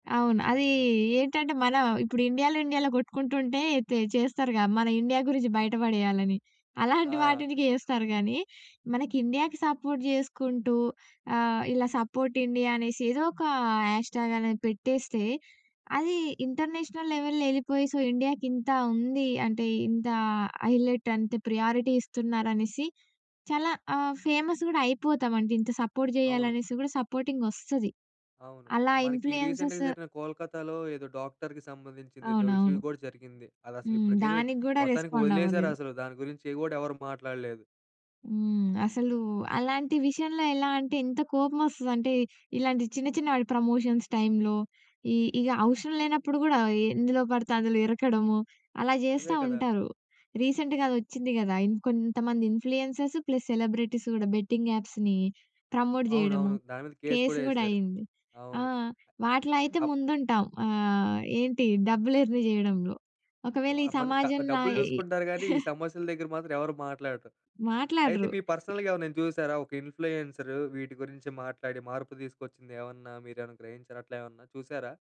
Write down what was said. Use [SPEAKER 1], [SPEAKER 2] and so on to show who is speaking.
[SPEAKER 1] అవును. అది ఏంటంటే మనం ఇప్పుడు ఇండియాలో ఇండియాలో కొట్టుకుంటుంటే తే చేస్తారుగా మన ఇండియా గురించి బయట పడేయాలని. అలాంటి
[SPEAKER 2] ఆ!
[SPEAKER 1] వాటిటికి ఏస్తారు కానీ, మనకి ఇండియాకి సపోర్ట్ చేసుకుంటూ ఆహ్, ఇలా "సపోర్ట్ ఇండియా" అనేసి ఏదో ఒక హ్యాష్ ట్యాగ్ అనేది పెట్టేస్తే అది ఇంటర్నేషనల్ లెవెల్‌లో ఎళ్ళిపోయి, సో ఇండియాకింత ఉంది అంటే ఇంత హైలైట్ అంటే ప్రియారిటీ ఇస్తున్నారనేసి చాలా ఆహ్, ఫేమస్ కూడా అయిపోతాం. అంటే ఇంత సపోర్ట్
[SPEAKER 2] అవును.
[SPEAKER 1] చేయాలనేసి కూడా సపోర్టింగోస్తది.
[SPEAKER 2] అవును.
[SPEAKER 1] అలా
[SPEAKER 2] మనకి రీసెంట్‌గా
[SPEAKER 1] ఇన్‌ఫ్లూయన్సెస్
[SPEAKER 2] జరిగిన కోల్‌కత్తా‌లో ఏదో డాక్టర్‌కి సంబంధించింది ఏదో ఇష్యూ
[SPEAKER 1] అవునవును.
[SPEAKER 2] కూడా జరిగింది. అదసలు
[SPEAKER 1] హ్మ్.
[SPEAKER 2] ఇప్పటికైతే
[SPEAKER 1] దానికి గూడా
[SPEAKER 2] మొత్తానికి
[SPEAKER 1] రెస్పాండ్
[SPEAKER 2] వదిలేశారు
[SPEAKER 1] అవ్వలేదు.
[SPEAKER 2] అసలు దాని గురించి ఏవి గూడా ఎవరు మాట్లాడలేదు.
[SPEAKER 1] హ్మ్. అసలు అలాంటి విషయంలో ఎలా అంటే ఎంత కోపమోస్తదంటే, ఇలాంటి చిన్న చిన్న వాటి ప్రమోషన్స్ టైంలో, ఇ ఇగా అవసరం లేనప్పుడు గూడా ఎందులో పడితే అందులో ఇరకడము, అలా
[SPEAKER 2] అదే
[SPEAKER 1] చేస్తా
[SPEAKER 2] కదా!
[SPEAKER 1] ఉంటారు. రీసెంట్‌గా అదొచ్చింది గదా! ఇంకొంతమంది ఇన్‌ఫ్లుయెన్సర్స్ ప్లస్ సెలబ్రిటీస్ గూడా బెట్టింగ్ యాప్స్‌ని ప్రమోట్ చేయడము,
[SPEAKER 2] అవునవును. దాని మీద కేస్
[SPEAKER 1] కేస్
[SPEAKER 2] కూడా
[SPEAKER 1] గూడా
[SPEAKER 2] ఏశారు.
[SPEAKER 1] అయింది. ఆ!
[SPEAKER 2] అవును.
[SPEAKER 1] వాటిలో అయితే
[SPEAKER 2] అప్
[SPEAKER 1] ముందుంటాం ఆహ్, ఏంటి డబ్బులు ఎర్న్ చేయడంలో.
[SPEAKER 2] వ
[SPEAKER 1] ఒకవేళ ఈ
[SPEAKER 2] మనకా
[SPEAKER 1] సమాజంలా
[SPEAKER 2] డబ్బులు
[SPEAKER 1] ఏయి
[SPEAKER 2] జూసుకుంటారు గాని ఈ సమస్యల దగ్గర మాత్రం ఎవరు మాట్లాడరు. అయితే
[SPEAKER 1] మాట్లాడరు.
[SPEAKER 2] మీ పర్సనల్‌గా ఏవరినైనా చూశారా ఒక ఇన్‌ఫ్లుయెన్సర్ వీటి గురించి మాట్లాడి మార్పు తీసుకొచ్చింది ఏమన్నా మీరేమన్నా గ్రహించారా? అట్లా ఏమన్నా చూశారా?